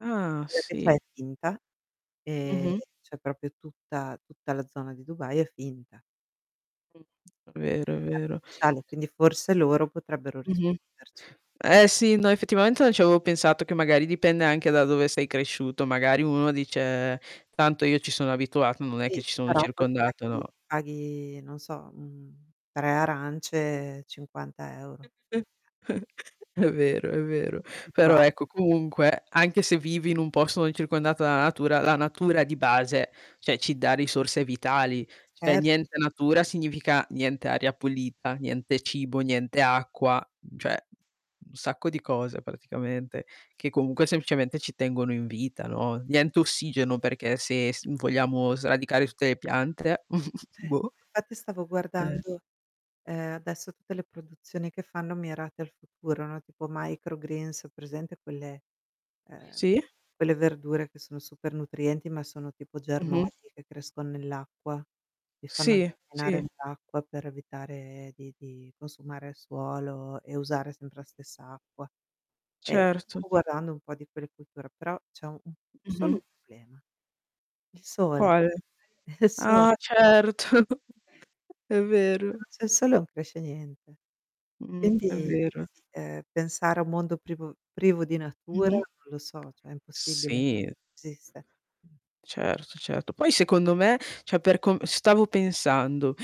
Ah Quella che c'è è sì. finta e Mh-mh. cioè proprio tutta tutta la zona di Dubai è finta. Mh, è vero, è vero. [unintelligible] Quindi forse loro potrebbero Mh-mh. risponderci. Eh sì, no effettivamente non ci avevo pensato, che magari dipende anche da dove sei cresciuto. Magari uno dice: "Tanto io ci sono abituato, non è Sì, che ci sono però poi circondato, paghi no?" paghi non so, mhmm, 3 arance cinquanta euro [unintelligible] È vero, è vero. Però, [unintelligible] ecco, comunque anche se vivi in un posto non circondato dalla natura, la natura di base, cioè ci dà risorse vitali. [unintelligible] Er Niente natura significa niente aria pulita, niente cibo, niente acqua, cioè un sacco di cose praticamente che comunque semplicemente ci tengono in vita, no, niente ossigeno perché se s vogliamo sradicare tutte le piante. Boh. [unintelligible] Infatti stavo Eh. guardando, ehm, adesso tutte le produzioni che fanno mirate al futuro, no, tipo microgreens, presente quelle, ehm, Sì. quelle verdure che sono super nutrienti, ma sono tipo Mh-mh germogli che crescon nell'acqua, ti fanno Sì, camminare sì. nell'acqua per evitare di di consumare suolo e usare sempre la stessa acqua. E Certo. stavo guardando un po' di quelle culture, però c'è u solo un Mh-mh. problema. Il sole. Quale? Il so Ah certo, è vero. [unintelligible] il sole non cresce niente. Mh, è Quindi, vero. ehm, pensare a un mondo privo privo di natura Mh-mh. non lo so, cioè è impossibile. Sì. Esiste Certo, certo. Poi secondo me, cioè per com stavo pensando,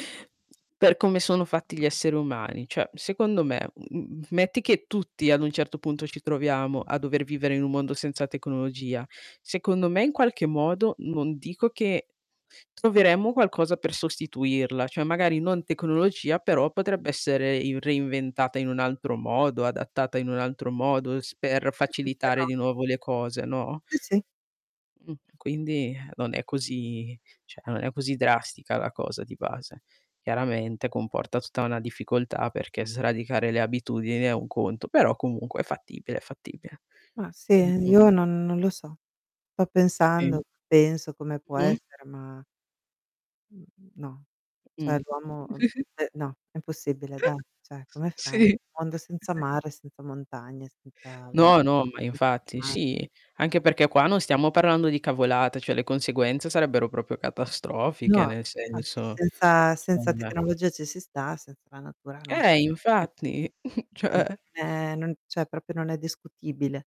per come sono fatti gli esseri umani, cioè secondo me, mhmm, m metti che tutti ad un certo punto ci troviamo a dover vivere in un mondo senza tecnologia. Secondo me in qualche modo non dico che troveremmo qualcosa per sostituirla, cioè magari non tecnologia, però potrebbe essere i reinventata in un altro modo, adattata in un altro modo s per facilitare [unintelligible] di nuovo le cose, no? Sì, sì. Mh, e quindi non è così cioè non è così drastica la cosa di base. Chiaramente comporta tutta una difficoltà, perché sradicare le abitudini è un conto, però comunque è fattibile, è fattibile. Ma sì, ehm, Mh-mh. io non non lo so. Sto Sì. pensando, penso a come può Mh. essere, ma mhmm, no. Mh. Cioè l'uomo te no, è impossibile dai. Cioè, come fai? Un Sì. mondo senza mare, senza montagne, senza No, no, ma [unintelligible] infatti sì, anche senza [unintelligible] perché qua non stiamo parlando di cavolate, cioè le conseguenze sarebbero proprio No, catastrofiche, nel infatti, senso. senza senza [unintelligible] tecnologia ci si sta, senza la natura no. Eh [unintelligible] infatti, [unintelligible] cioè Non cioè proprio non è discutibile.